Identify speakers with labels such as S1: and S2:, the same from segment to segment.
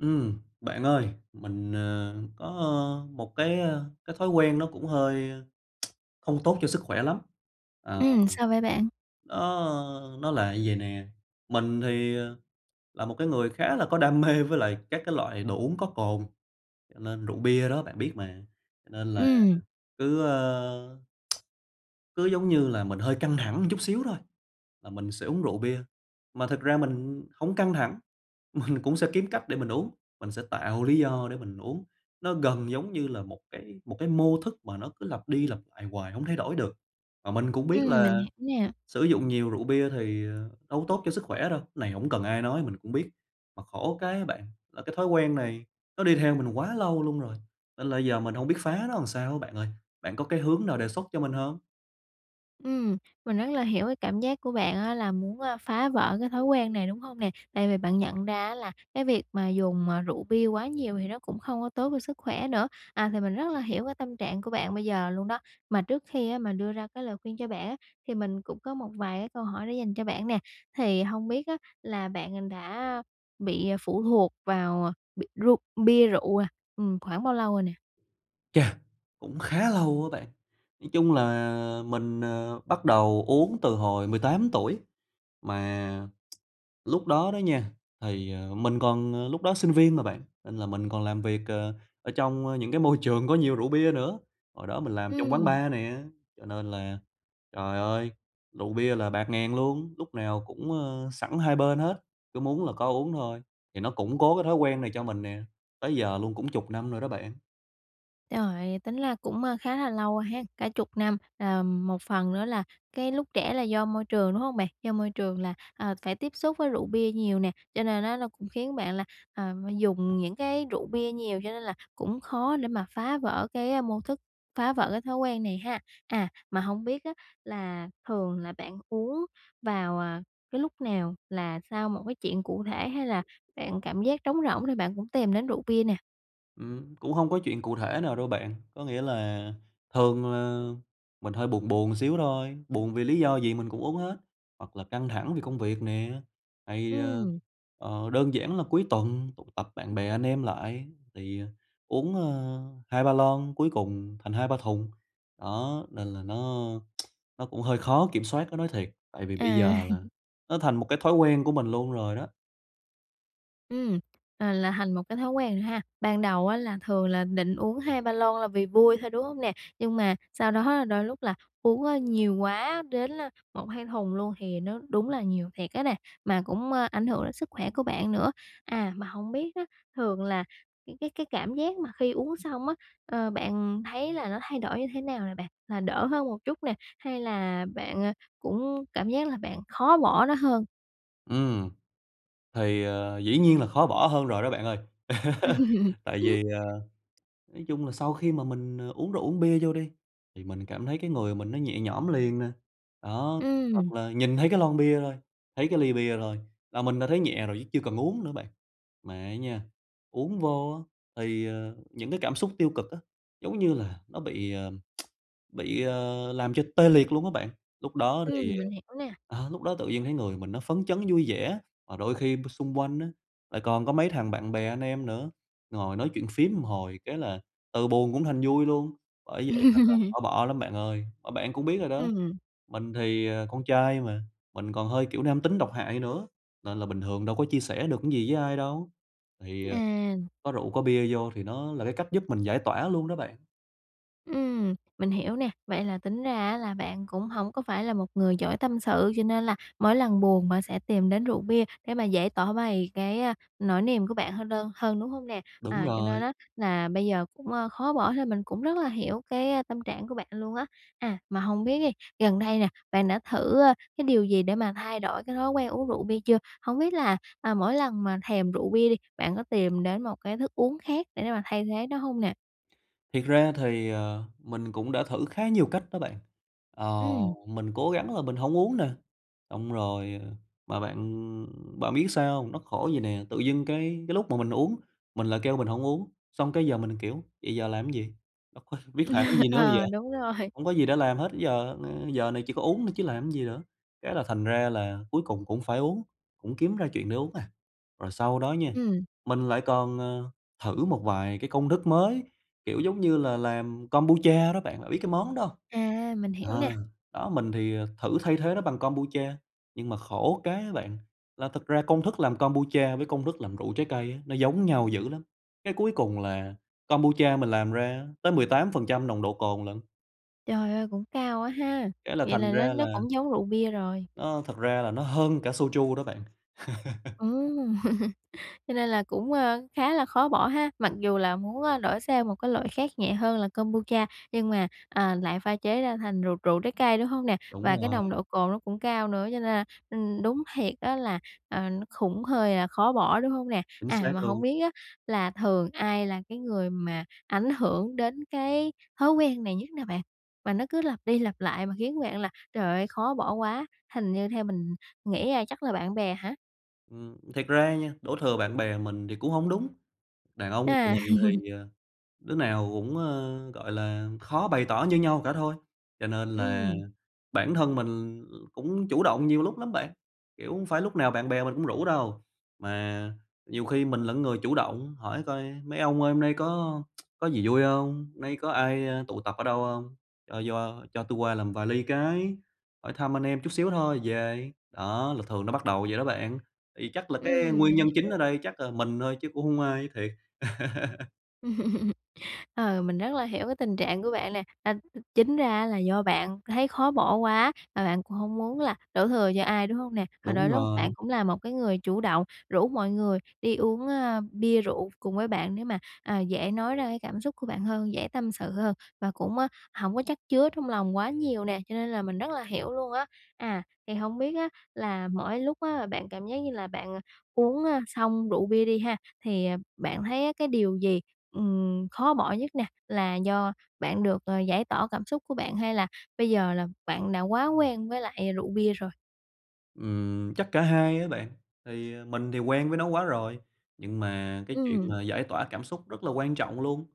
S1: Ừm, bạn ơi, mình, ờ, có một cái, ơ, cái thói quen nó cũng hơi không tốt cho sức khỏe lắm. Ờ,
S2: Ừm, sao vậy bạn?
S1: nó nó là vậy nè, mình thì, ờ, là một cái người khá là có đam mê với lại các cái loại đồ uống có cồn, cho nên rượu bia đó bạn biết mà, cho nên là
S2: Ừm.
S1: cứ, ơ cứ giống như là mình hơi căng thẳng một chút xíu thôi là mình sẽ uống rượu bia, mà thực ra mình hổng căng thẳng mình cũng sẽ kiếm cách để mình uống, mình sẽ tạo lý do để mình uống. Nó gần giống như là một cái một cái mô thức mà nó cứ lặp đi lặp lại hoài hông thay đổi được. Mà mình cũng biết
S2: Ừm, mình
S1: là
S2: hiểu nè.
S1: sử dụng nhiều rượu bia thì, ờ, đâu có tốt cho sức khỏe đâu, này hổng cần ai nói mình cũng biết. Mà khổ cái á bạn là cái thói quen này nó đi theo mình quá lâu luôn rồi, nên là giờ mình hông biết phá nó làm sao á bạn ơi, bạn có cái hướng nào đề xuất cho mình hông?
S2: Ừm, mình rất là hiểu cái cảm giác của bạn á là muốn, a, phá vỡ cái thói quen này, đúng hông nè? Tại vì bạn nhận ra á là cái việc mà dùng, à, rượu bia quá nhiều thì nó cũng không có tốt cho sức khỏe nữa. À thì mình rất là hiểu cái tâm trạng của bạn bây giờ luôn đó. Mà trước khi á mà đưa ra cái lời khuyên cho bạn á, thì mình cũng có một vài cái câu hỏi để dành cho bạn nè, thì hông biết á là bạn, ừm, đã bị phụ thuộc vào, à, bi ru bia rượu, à, ừm, khoảng bao lâu rồi nè?
S1: Chà! Cũng khá lâu á bạn, [unintelligible] chung là mình, ờ, bắt đầu uống từ hồi 18 tuổi. Mà lúc đó đó nha, thì, ờ, mình còn ờ, lúc đó sinh viên mà bạn, nên là mình còn làm việc, ờ, ở trong, ơ, những cái môi trường có nhiều rượu bia nữa. Hồi đó mình làm trong quán
S2: Ừm.
S1: bar nè, cho nên là trời ơi, rượu bia là bạt ngàn luôn, lúc nào cũng, ơ, sẵn hai bên hết, cứ muốn là có uống thôi, thì nó củng cố cái thói quen này cho mình nè, tới giờ luôn cũng chục năm rồi đó bạn.
S2: Trời, tính la cũng, a, khá là lâu ha, cả 10 năm. Ờm, một phần nữa là cái lúc trẻ là do môi trường, đúng hông bạn? Do môi trường là, à, phải tiếp xúc với rượu bia nhiều nè, cho nên á nó cũng khiến bạn là, à, dùng những cái rượu bia nhiều, cho nên là cũng khó để mà phá vỡ cái, a, mô thức, phá vỡ cái thói quen này ha. À, mà hông biết á là thường là bạn uống vào, à, cái lúc nào? Là sau một cái chuyện cụ thể hay là bạn cảm giác trống rỗng thì bạn cũng tìm đến rượu bia nè?
S1: Ừm, cũng hông có chuyện cụ thể nào đâu bạn, có nghĩa là thường là mình hơi buồn buồn xíu thôi, buồn vì lý do gì mình cũng uống hết, hoặc là căng thẳng vì công việc nè. Thì, ờ,
S2: Ừm.
S1: ờ, đơn giản là cuối tuần tụ tập bạn bè anh em lại thì, à, uống, ơ, 2, 3 lon cuối cùng thành 2, 3 thùng. Đó, nên là nó, nó cũng hơi khó kiểm soát á nói thiệt, tại vì bây
S2: À.
S1: giờ là nó thành một cái thói quen của mình luôn rồi đó.
S2: Ừm, à, là thành một cái thói quen rồi ha. Ban đầu á là thường là định uống 2, 3 lon là vì vui thôi, đúng hông nè? Nhưng mà sau đó đôi lúc là uống, ơ, nhiều quá đến là 1, 2 thùng luôn thì nó đúng là nhiều thiệt á nè, mà cũng, ơ, ảnh hưởng đến sức khỏe của bạn nữa. À, mà hông biết á, thường là cái cái cái cảm giác mà khi uống xong á, ờ, bạn thấy là nó thay đổi như thế nào nè bạn? Là đỡ hơn một chút nè, hay là bạn, à, cũng cảm giác là bạn khó bỏ nó hơn?
S1: Ừm. Thì, ờ, dĩ nhiên là khó bỏ hơn rồi đó bạn ơi, tại vì, ờ, nói chung là sau khi mà mình, ờ, uống rượu, uống bia vô đi, thì mình cảm thấy cái người mình nó nhẹ nhõm liền nè, đó. Hoặc
S2: Ừm.
S1: là nhìn thấy cái lon bia thôi, thấy cái ly bia thôi, là mình đã thấy nhẹ rồi, chứ chưa cần uống nữa bạn. Mà á nha, uống vô á, thì, ờ, những cái cảm xúc tiêu cực á, giống như là, nó bị, ờm, bị, ờ, làm cho tê liệt luôn á bạn, lúc đó
S2: Ừm,
S1: thì,
S2: mình hiểu nè.
S1: à, à, lúc đó tự nhiên thấy người mình nó phấn chấn, vui vẻ. Mà đôi khi b xung quanh á, lại còn có mấy thằng bạn bè anh em nữa, ngồi nói chuyện phiếm một hồi, cái là từ buồn cũng thành vui luôn, bởi vậy nên là khó bỏ lắm bạn ơi. Mà bạn cũng biết rồi đó,
S2: Ừm.
S1: mình thì, ờ, con trai mà, mình còn hơi, kiểu, nam tính độc hại nữa, nên là bình thường đâu có chia sẻ được cái gì với ai đâu, thì, ờ,
S2: À!
S1: có rượu, có bia vô thì nó là cái cách giúp mình giải tỏa luôn đó bạn.
S2: Ừm, mình hiểu nè. Vậy là tính ra á, là bạn cũng hổng có phải là một người giỏi tâm sự, cho nên là mỗi lần buồn mà sẽ tìm đến rượu bia để mà dễ tỏ bày cái, a, nỗi niềm của bạn hơn đơn hơn, đúng hông nè?
S1: Đúng
S2: À, cho nên
S1: rồi.
S2: á là bây giờ cũng, à, khó bỏ thì mình cũng rất là hiểu cái tâm trạng của bạn luôn á. À, mà hông biết đi, gần đây nè, bạn đã thử, à, cái điều gì để mà thay đổi cái thói quen uống rượu bia chưa? Hổng biết là, à, mỗi lần mà thèm rượu bia đi, bạn có tìm đến một cái thức uống khác để mà thay thế nó hông nè?
S1: Thiệt ra thì, ờ, mình cũng đã thử khá nhiều cách đó bạn, ờ,
S2: Ừm.
S1: mình cố gắng là mình hổng uống nè, xong rồi mà bạn bạn biết sao hông? Nó khổ vậy nè, tự dưng cái cái lúc mà mình uống mình lại kêu mình hông uống, xong cái giờ mình, kiểu, vậy giờ làm cái gì? Bất quá biết làm cái gì nữa bây giờ?
S2: Ờ, đúng rồi.
S1: Hông có gì để làm hết giờ giờ này chỉ có uống thôi chứ làm cái gì nữa, cái là thành ra là cuối cùng cũng phải uống, cũng kiếm ra chuyện để uống à. Rồi sau đó nha,
S2: Ừm.
S1: mình lại còn, ờ, thử một vài cái công thức mới, kiểu giống như là làm Kombucha đó bạn, đã biết cái món đó hông?
S2: À, mình hiểu nè.
S1: Ờ, đó mình thì, à, thử thay thế nó bằng Kombucha, nhưng mà khổ cái á bạn, là thực ra công thức làm Kombucha với công thức làm rượu trái cây á, nó giống nhau dữ lắm, cái cuối cùng là Kombucha mình làm ra tới 18% nồng độ cồn lận.
S2: Trời ơi, cũng cao quá ha.
S1: Cái là
S2: Vậy
S1: thành
S2: là nó
S1: ra
S2: nó
S1: là
S2: cũng giống rượu bia rồi.
S1: Nó thật ra là nó hơn cả Soju đó bạn.
S2: Ừm, cho nên là cũng, ờ, khá là khó bỏ ha, mặc dù là muốn, a, đổi sang một cái loại khác nhẹ hơn là Kombucha nhưng mà, à, lại pha chế ra thành rượu rượu trái cây, đúng hông nè?
S1: Đúng
S2: Và cái
S1: rồi.
S2: nồng độ cồn nó cũng cao nữa cho nên là, ừm, đúng thiệt á là, ờ, nó khủng hơi là khó bỏ, đúng hông nè?
S1: Chính
S2: À,
S1: xác
S2: mà hổng
S1: luôn!
S2: biết á là thường ai là cái người mà ảnh hưởng đến cái thói quen này nhất nè bạn? Và nó cứ lặp đi lặp lại mà khiến bạn là trời ơi, khó bỏ quá, hình như theo mình nghĩ là chắc là bạn bè hả?
S1: Ừm, thiệt ra nha, đổ thừa bạn bè mình thì cũng hổng đúng, đàn ông tụi
S2: À.
S1: mình thì, ờ, đứa nào cũng, ờ, gọi là, khó bày tỏ như nhau cả thôi, cho nên là
S2: Ừm.
S1: bản thân mình l cũng chủ động nhiều lúc lắm bạn. Kiểu, hông phải lúc nào bạn bè mình cũng rủ đâu, mà nhiều khi mình là người chủ động hỏi coi: "Mấy ông ơi, hôm nay có có gì vui hông? Hôm nay có ai, ơ, tụ tập ở đâu hông? Cho cho cho tui qua làm vài ly cái, hỏi thăm anh em chút xíu thôi rồi về." Đó, là thường nó bắt đầu vậy đó bạn, thì chắc là cái
S2: Ừm,
S1: nguyên
S2: mình
S1: nhân
S2: hiểu
S1: chính ở
S2: nè.
S1: đây chắc là mình thôi chứ cũng hông ai, thiệt.
S2: Ờ, mình rất là hiểu cái tình trạng của bạn nè, à, th chính ra á là do bạn thấy khó bỏ quá, mà bạn cũng hổng muốn là đổ thừa cho ai, đúng hông nè? Rồi
S1: Đúng
S2: đôi lúc
S1: rồi!
S2: bạn cũng là một cái người chủ động rủ mọi người đi uống, a, bia rượu cùng với bạn để mà, à, dễ nói ra cái cảm xúc của bạn hơn, dễ tâm sự hơn, và cũng, á, hổng có chắc chứa trong lòng quá nhiều nè, cho nên là mình rất là hiểu luôn á. À, thì hông biết á là mỗi lúc á bạn cảm giác như là bạn uống á, xong rượu bia đi ha, thì, à, bạn thấy á cái điều gì, ừm, khó bỏ nhất nè? Là do bạn được, ờ, giải tỏa cảm xúc của bạn, hay là bây giờ là bạn đã quá quen với lại rượu bia rồi?
S1: Ừm, chắc cả hai á bạn, thì mình thì quen với nó quá rồi, nhưng mà cái chuyện
S2: Ừm.
S1: mà giải tỏa cảm xúc rất là quan trọng luôn.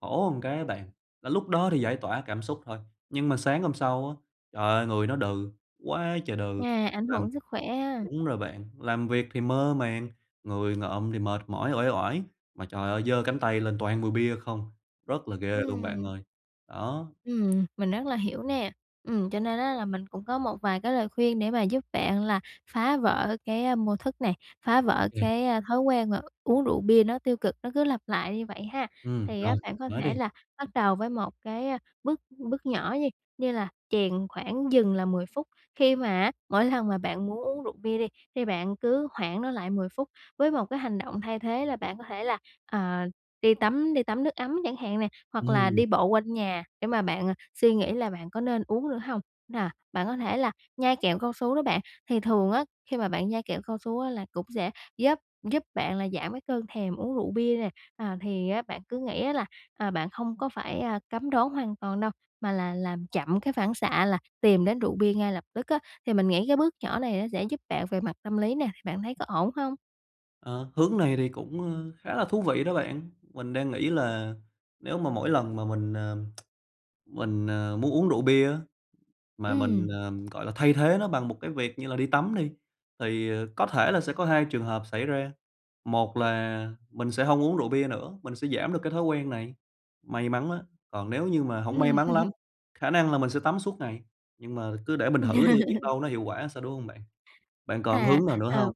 S1: Khổ một cái á bạn, là lúc đó thì giải tỏa cảm xúc thôi, nhưng mà sáng hôm sau á, trời ơi, người nó đừ quá trời đừ,
S2: À, ảnh
S1: làm
S2: hưởng sức khỏe ha.
S1: đúng rồi bạn, làm việc thì mơ màng, người ngợm thì mệt mỏi, uể oải, mà trời ơi, giơ cánh tay lên toàn mùi bia không, rất là ghê luôn bạn
S2: Ừm.
S1: ơi, đó.
S2: Ừm, mình rất là hiểu nè. Ừm, cho nên á là mình cũng có một vài cái lời khuyên để mà giúp bạn là phá vỡ cái mô thức này, phá
S1: Ô
S2: vỡ
S1: kê.
S2: cái thói quen mà uống rượu bia nó tiêu cực, nó cứ lặp lại như vậy ha.
S1: Ừm,
S2: Thì
S1: rồi,
S2: á bạn
S1: bạn
S2: có
S1: nói đi.
S2: thể là bắt đầu với một cái bước bước nhỏ nhi, như là chèn khoảng dừng là 10 phút, khi mà á mỗi lần mà bạn muốn uống rượu bia đi thì bạn cứ hoãn nó lại 10 phút với một cái hành động thay thế là bạn có thể là, ờ, đi tắm đi tắm nước ấm chẳng hạn nè, hoặc là
S1: Ừm.
S2: đi bộ quanh nhà để mà bạn, à, suy nghĩ là bạn có nên uống nữa hông? Nà bạn có thể là nhai cao su đó bạn. Thì thường á khi mà bạn nhai kẹo cao su á là cũng sẽ giúp giúp bạn là giảm cái cơn thèm uống rượu bia nè, à, thì á bạn cứ nghĩ á là, à, bạn không có phải, à, cấm đoán hoàn toàn đâu mà là làm chậm cái phản xạ là tìm đến rượu bia ngay lập tức á, thì mình nghĩ cái bước nhỏ này nó sẽ giúp bạn về mặt tâm lý nè, bạn thấy có ổn không?
S1: Ờ, hướng này thì cũng, ơ, khá là thú vị đó bạn. Mình đang nghĩ là nếu mà mỗi lần mà mình, ờm, mình, ờ, muốn uống rượu bia á, mà mình,
S2: Ừm.
S1: ờm, gọi là, thay thế nó bằng một cái việc như là đi tắm đi, thì, ờ, có thể là sẽ có 2 trường hợp xảy ra, một là mình sẽ hông uống rượu bia nữa, mình sẽ giảm được cái thói quen này. May mắn á, còn nếu như mà hổng may
S2: Ừm.
S1: mắn lắm, khả năng là mình sẽ tắm suốt ngày. Nhưng mà cứ để mình thử đi biết đâu nó hiệu quả sao, đúng hông bạn? Bạn còn
S2: À,
S1: hướng nào nữa
S2: à.
S1: hông?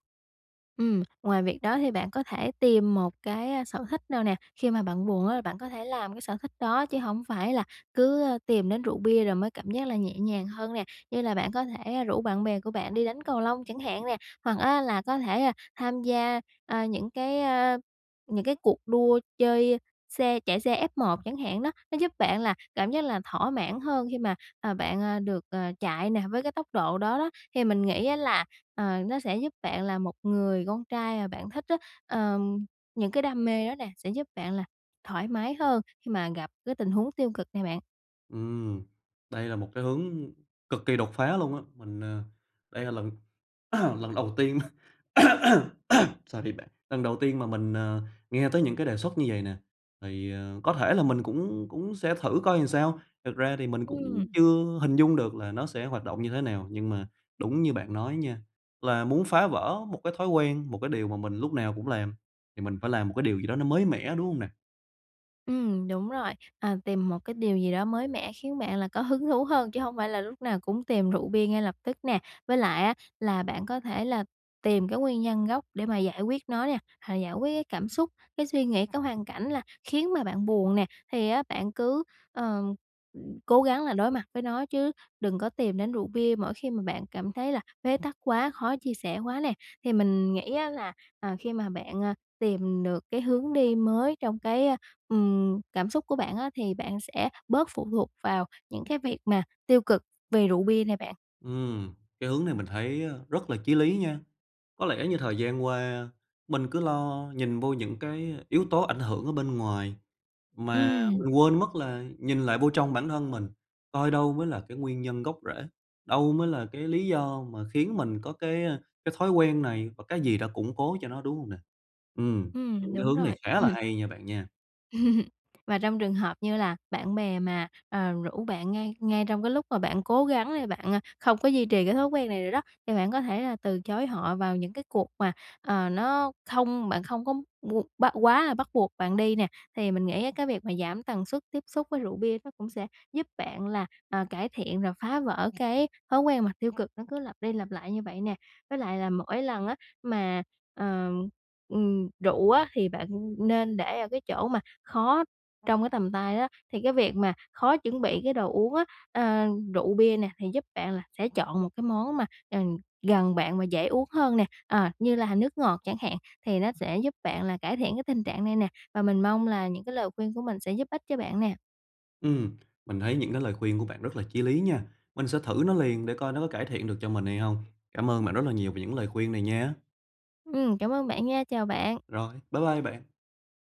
S2: Ừm, ngoài việc đó thì bạn có thể tìm một cái, a, sở thích nào nè. Khi mà bạn buồn á, bạn có thể làm cái sở thích đó chứ hổng phải là cứ, ơ, tìm đến rượu bia rồi mới cảm giác là nhẹ nhàng hơn nè. Như là bạn có thể rủ bạn bè của bạn đi đánh cầu lông chẳng hạn nè, hoặc á là có thể, a, tham gia, à, những cái, a, những cái cuộc đua chơi xe chạy xe F1 chẳng hạn đó. Nó giúp bạn là cảm giác là thỏa mãn hơn khi mà, à, bạn, ờ, được, ờ, chạy nè, với cái tốc độ đó đó, thì mình nghĩ á là, ờ, nó sẽ giúp bạn là một người con trai mà bạn thích á, ờm, những cái đam mê á nè sẽ giúp bạn là thoải mái hơn khi mà gặp cái tình huống tiêu cực nè bạn.
S1: Ừm, đây là một cái hướng cực kỳ đột phá luôn á, mình à, đây là lần lần đầu tiên sorry bạn, lần đầu tiên mà mình, ờ, nghe tới những cái đề xuất như vậy nè. Thì, ờ, có thể là mình cũng cũng sẽ thử coi làm sao, thật ra thì mình cũng
S2: Ừm.
S1: chưa hình dung được là nó sẽ hoạt động như thế nào, nhưng mà đúng như bạn nói nha, là muốn phá vỡ một cái thói quen, một cái điều mà mình lúc nào cũng làm thì mình phải làm một cái điều gì đó nó mới mẻ, đúng hông nè?
S2: Ừm, đúng rồi, à, tìm một cái điều gì đó mới mẻ khiến bạn là có hứng thú hơn chứ hông phải là lúc nào cũng tìm rượu bia ngay lập tức nè, với lại á là bạn có thể là tìm cái nguyên nhân gốc để mà giải quyết nó nè, hoặc giải quyết cái cảm xúc, cái suy nghĩ, cái hoàn cảnh là khiến mà bạn buồn nè, thì á bạn cứ, ờ, cố gắng là đối mặt với nó chứ đừng có tìm đến rượu bia mỗi khi mà bạn cảm thấy là bế tắc quá khó chia sẻ quá nè. Thì mình nghĩ á là, à, khi mà bạn, à, tìm được cái hướng đi mới trong cái, a, ừm, cảm xúc của bạn á thì bạn sẽ bớt phụ thuộc vào những cái việc mà tiêu cực về rượu bia này bạn.
S1: Ừm, cái hướng này mình thấy, a, rất là chí lý nha. Có lẽ như thời gian qua mình cứ lo nhìn vô những cái yếu tố ảnh hưởng ở bên ngoài, mà
S2: Ừm.
S1: mình quên mất là nhìn lại vô trong bản thân mình, coi đâu mới là cái nguyên nhân gốc rễ, đâu mới là cái lý do mà khiến mình có cái, ơ, cái thói quen này, và cái gì đã củng cố cho nó, đúng hông nè? Ừm, những
S2: Ừm,
S1: cái
S2: đúng
S1: hướng này
S2: rồi.
S1: khá là hay nha bạn nha.
S2: Và trong trường hợp như là bạn bè mà, ờ, rủ bạn ngay ngay trong cái lúc mà bạn cố gắng đây bạn, à, không có duy trì cái thói quen này nữa đó, thì bạn có thể là từ chối họ vào những cái cuộc mà, ờ, nó không bạn không có bu bắt quá là bắt buộc bạn đi nè. Thì mình nghĩ á cái việc mà giảm tần suất tiếp xúc với rượu bia nó cũng sẽ giúp bạn là, ờ, cải thiện và phá vỡ cái thói quen mà tiêu cực nó cứ lặp đi lặp lại như vậy nè. Với lại là mỗi lần á mà ờm, ừm, rượu á, thì bạn nên để ở cái chỗ mà khó trong cái tầm tay á, thì cái việc mà khó chuẩn bị cái đồ uống á, ờ, rượu bia nè, thì giúp bạn là sẽ chọn một cái món mà [unintelligible] gần bạn và dễ uống hơn nè, ờ, như là h nước ngọt chẳng hạn, thì nó sẽ giúp bạn là cải thiện cái tình trạng này nè, và mình mong là những cái lời khuyên của mình sẽ giúp ích cho bạn nè.
S1: Ừm, mình thấy những cái lời khuyên của bạn rất là chí lý nha, mình sẽ thử nó liền, để coi nó có cải thiện được cho mình hay hông. Cám ơn bạn rất là nhiều về những lời khuyên này nhé.
S2: Ừm, cảm ơn bạn nha. Chào bạn.
S1: Rồi, bye bye bạn.